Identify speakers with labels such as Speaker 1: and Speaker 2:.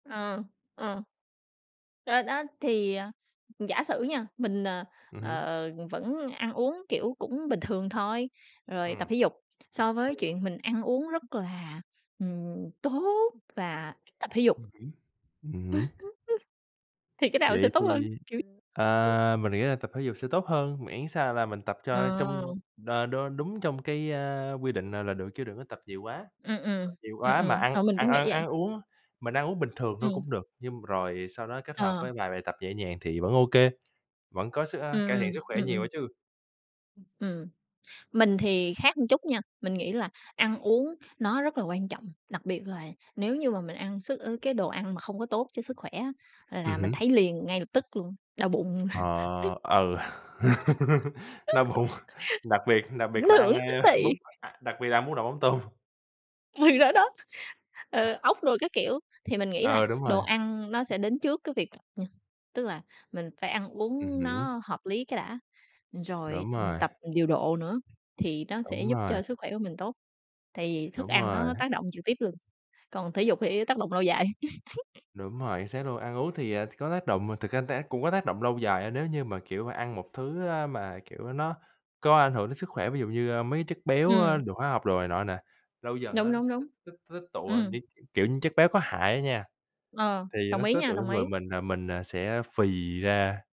Speaker 1: Ừ, ừ. Rồi đó thì, ờ, giả sử nha, mình, ờ,
Speaker 2: Ừm hứm.
Speaker 1: ờ, vẫn ăn uống, kiểu, cũng bình thường thôi, rồi
Speaker 2: Ừm.
Speaker 1: tập thể dục, so với
Speaker 2: Ừm.
Speaker 1: chuyện mình ăn uống rất là, ừm, tốt và tập thể dục
Speaker 2: Ừm hứm, ừm hửm.
Speaker 1: thì cái nào sẽ
Speaker 2: Vậy
Speaker 1: tốt
Speaker 2: thì,
Speaker 1: hơn? Kiểu
Speaker 2: à, mình nghĩ là tập thể dục sẽ tốt hơn, miễn sao là mình tập cho trong,
Speaker 1: Ờ.
Speaker 2: ờ, đ đúng trong cái, a, quy định là là được chứ đừng có tập nhiều quá.
Speaker 1: Ừm, ừm.
Speaker 2: Tập nhiều
Speaker 1: Ừm,
Speaker 2: quá mà
Speaker 1: ừm.
Speaker 2: ăn
Speaker 1: Ờ, mình
Speaker 2: ăn
Speaker 1: cũng
Speaker 2: ăn
Speaker 1: nghĩ vậy.
Speaker 2: ăn uống, mình ăn uống bình thường thôi
Speaker 1: Ừm.
Speaker 2: cũng được, nhưng rồi sau đó kết hợp
Speaker 1: Ờ.
Speaker 2: với vài bài tập nhẹ nhàng thì vẫn ô kê, vẫn có sức ờ,
Speaker 1: Ừm,
Speaker 2: cải thiện
Speaker 1: ừm.
Speaker 2: sức khỏe
Speaker 1: Ừm,
Speaker 2: nhiều
Speaker 1: ừm.
Speaker 2: đó chứ.
Speaker 1: Ừm, mình thì khác một chút nha, mình nghĩ là ăn uống nó rất là quan trọng, đặc biệt là nếu như mà mình ăn sức ờ, cái đồ ăn mà không có tốt cho sức khỏe á,
Speaker 2: Ừm
Speaker 1: là mình
Speaker 2: hứm.
Speaker 1: thấy liền ngay lập tức luôn, đau bụng.
Speaker 2: Ờ, ừ, đau bụng, đặc biệt đặc
Speaker 1: Ảnh
Speaker 2: biệt là ăn,
Speaker 1: hưởng
Speaker 2: ơ,
Speaker 1: tức
Speaker 2: bún
Speaker 1: thì.
Speaker 2: đặc biệt là ăn bún đậu mắm tôm.
Speaker 1: Thì đó đó, ờ, ốc đồ các kiểu, thì mình nghĩ là
Speaker 2: Ừ, đúng
Speaker 1: đồ
Speaker 2: rồi.
Speaker 1: ăn nó sẽ đến trước cái việc ừm, tức là mình phải ăn
Speaker 2: Ừm
Speaker 1: uống
Speaker 2: hứm.
Speaker 1: nó hợp lý cái đã, rồi
Speaker 2: Đúng rồi.
Speaker 1: tập điều độ nữa, thì nó sẽ
Speaker 2: Đúng
Speaker 1: giúp
Speaker 2: rồi.
Speaker 1: cho sức khỏe của mình tốt, tại vì thức
Speaker 2: Đúng
Speaker 1: ăn
Speaker 2: rồi.
Speaker 1: nó tác động trực tiếp luôn, còn thể dục thì tác động lâu dài.
Speaker 2: Đúng rồi, chính xác luôn. Ăn uống thì, à, có tác động, thực ra tác cũng có tác động lâu dài á, nếu như mà, kiểu, ăn một thứ, a, mà, kiểu, nó có ảnh hưởng đến sức khỏe, ví dụ như, ơ, mấy cái chất béo, ơ,
Speaker 1: Ừm.
Speaker 2: đường hóa học đồ này nọ nè, lâu dần
Speaker 1: Đúng,
Speaker 2: á nó
Speaker 1: đúng,
Speaker 2: sẽ tích
Speaker 1: đúng.
Speaker 2: tích tích tụ, ơ,
Speaker 1: Ừm.
Speaker 2: những, kiểu như, chất béo có hại á nha.
Speaker 1: Ờ,
Speaker 2: Thì nó
Speaker 1: đồng
Speaker 2: sẽ
Speaker 1: ý
Speaker 2: tích tụ
Speaker 1: nha, đồng
Speaker 2: trong người
Speaker 1: ý.
Speaker 2: mình làm mình, à, sẽ phì ra.